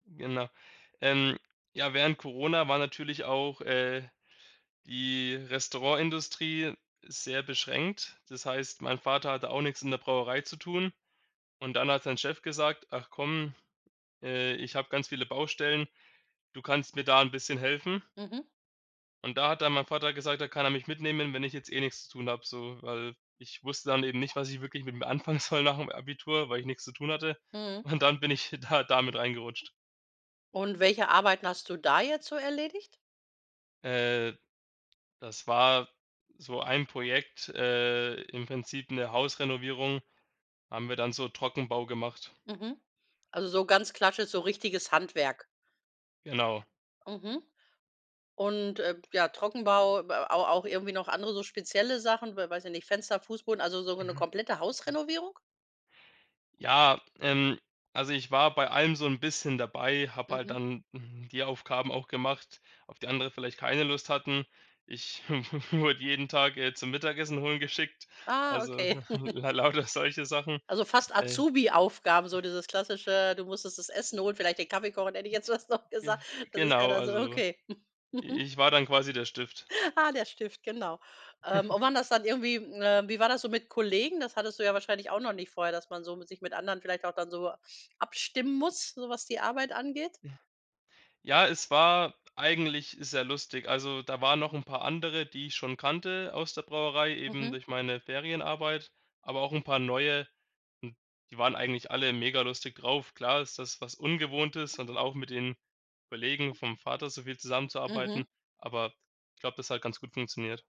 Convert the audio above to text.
Genau. Ähm, ja, während Corona war natürlich auch, äh, die Restaurantindustrie sehr beschränkt. Das heißt, mein Vater hatte auch nix in der Brauerei zu tun und dann hat sein Chef gesagt: „Ach komm, äh, ich habe ganz viele Baustellen. Du kannst mir da 'n bisschen helfen.“ Mhm. Und da hat dann mein Vater gesagt, da kann er mich mitnehmen, wenn ich jetzt eh nix zu tun habe, so. Weil ich wusste dann eben nicht, was ich wirklich mit mir anfangen soll nach'm Abitur, weil ich nix zu tun hatte Mhm. und dann bin ich da da mit reingerutscht. Und welche Arbeiten hast du da jetzt so erledigt? Äh, das war so ein Projekt, äh, im Prinzip 'ne Hausrenovierung, haben wir dann so Trockenbau gemacht. Mhm. Also so ganz klassisch, so richtiges Handwerk. Genau. Mhm. Und, äh, b ja, Trockenbau, b a aber auch irgendwie noch andere so spezielle Sachen, weil weiß ja nicht, Fenster, Fußboden, also so ge 'ne Ja. komplette Hausrenovierung? Ja, ähm, also, ich war bei allem so 'n bisschen dabei, habe halt Mhm. dann, hm, die Aufgaben auch gemacht, auf die andere vielleicht keine Lust hatten. Ich wurde jeden Tag, äh, zum Mittagessen holen geschickt, Ah, also, okay. la lauter solche Sachen. Also fast Äh. Azubi-Aufgaben, so dieses Klassische, du musstest das Essen holen, vielleicht den Kaffee kochen, hätte ich jetzt fast noch Ge gesagt. Das ist ja genau, da so also okay. i Mhm. ich war dann quasi der Stift. Ah, der Stift, genau. Ähm, und waren das dann irgendwie, äh wie war das so mit Kollegen? Das hattest du ja wahrscheinlich auch noch nicht vorher, dass man so mit sich mit anderen vielleicht auch dann so abstimmen muss, so was die Arbeit angeht? Ja, es war eigentlich sehr lustig. Also, da waren noch'n paar andere, die ich schon kannte aus der Brauerei, eben Mhm. durch meine Ferienarbeit, aber auch 'n paar neue. Hm, die waren eigentlich alle mega lustig drauf. Klar ist das was Ungewohntes und dann auch mit den Kollegen vom Vater so viel zusammenzuarbeiten, Mhm. aber ich glaube, das hat ganz gut funktioniert.